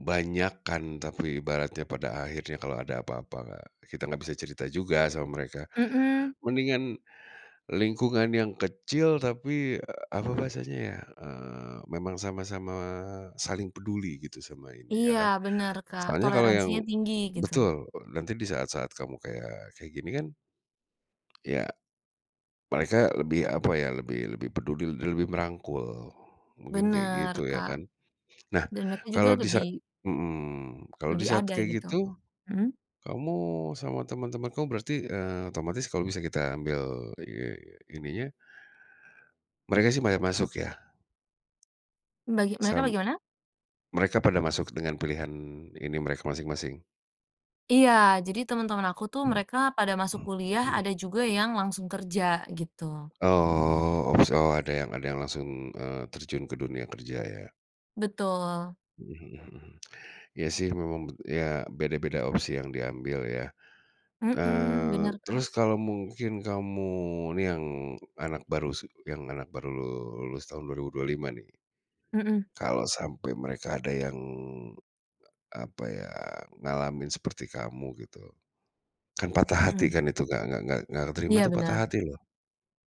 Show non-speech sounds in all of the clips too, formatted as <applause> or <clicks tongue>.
Banyak kan, tapi ibaratnya pada akhirnya kalau ada apa-apa nggak kita enggak bisa cerita juga, sama mereka. Mhm. Mendingan, lingkungan yang kecil tapi, apa bahasanya ya? Eee, memang sama-sama saling peduli gitu, sama ini, ya Iya. kan? Bener, Kak. Soalnya kalau yang Toleransinya tinggi, gitu. betul. Nanti di saat-saat kamu kayak kayak gini kan Iya. Mereka lebih, apa ya, lebih lebih peduli l lebih merangkul. Mungkin kayak Bener, gitu, ya Kak. kan? Nah, Dan mereka juga kalau di sa lebih mhm. Kalo di lebih saat ada, kayak gitu. gitu, Mhm. kamu sama teman-teman kamu berarti, eee, otomatis kalau bisa kita ambil, eee, ini nya mereka sih banyak masuk, ya? Bagi mereka Sam bagaimana? mereka pada masuk dengan pilihan ini mereka masing-masing? Iya! Jadi teman-teman aku tuh, mereka pada masuk kuliah, ada juga yang langsung kerja, gitu. Oh. Ups, oh ada yang ada yang langsung, eee, terjun ke dunia kerja, ya? Betul. Mhm mhm mhm. Iya sih, memang bet ya beda-beda opsi yang diambil, ya? Mhm. Eee, Bener, Kak. terus kalau mungkin kamu, nih yang anak baru se yang anak baru lulus tahun 2025 nih. Mhm. Kalau sampai mereka ada yang, a apa ya, ngalamin seperti kamu gitu. Kan patah hati Mhm. kan itu. Nggak nggak nggak keterima Iya, tuh patah bener. hati, loh.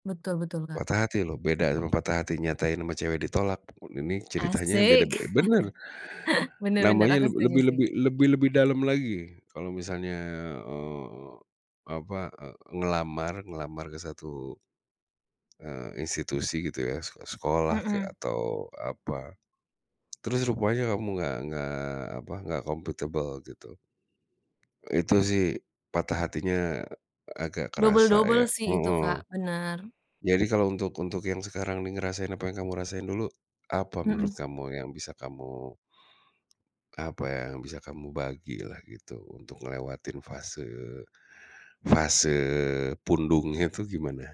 Betul betul, Kak. Patah hati, loh. Beda sama patah hati nyatain ama cewek ditolak. Ini ceritanya beda Asik! be benar. <chuckles> Bener bener. Namanya Aku le setuju, lebih sih. lebih lebih lebih dalam lagi. Kalau misalnya, eee, apa, eee, ngelamar, ngelamar ke 1, eee, institusi gitu, ya? Seko sekolah kek Mhm. atau, apa, terus <clicks tongue> rupanya kamu nggak nggak apa, nggak kompatibel gitu. Itu sih, patah hatinya agak kerasa, ya? Double-double sih, itu, Heeh. Kak. Bener. Jadi kalau untuk untuk yang sekarang ini ngerasain apa yang kamu rasain dulu, apa menurut Mhm. kamu yang bisa kamu apa ya, yang bisa kamu bagilah, gitu. Untuk ngelewatin fase, fase pundungnya itu gimana?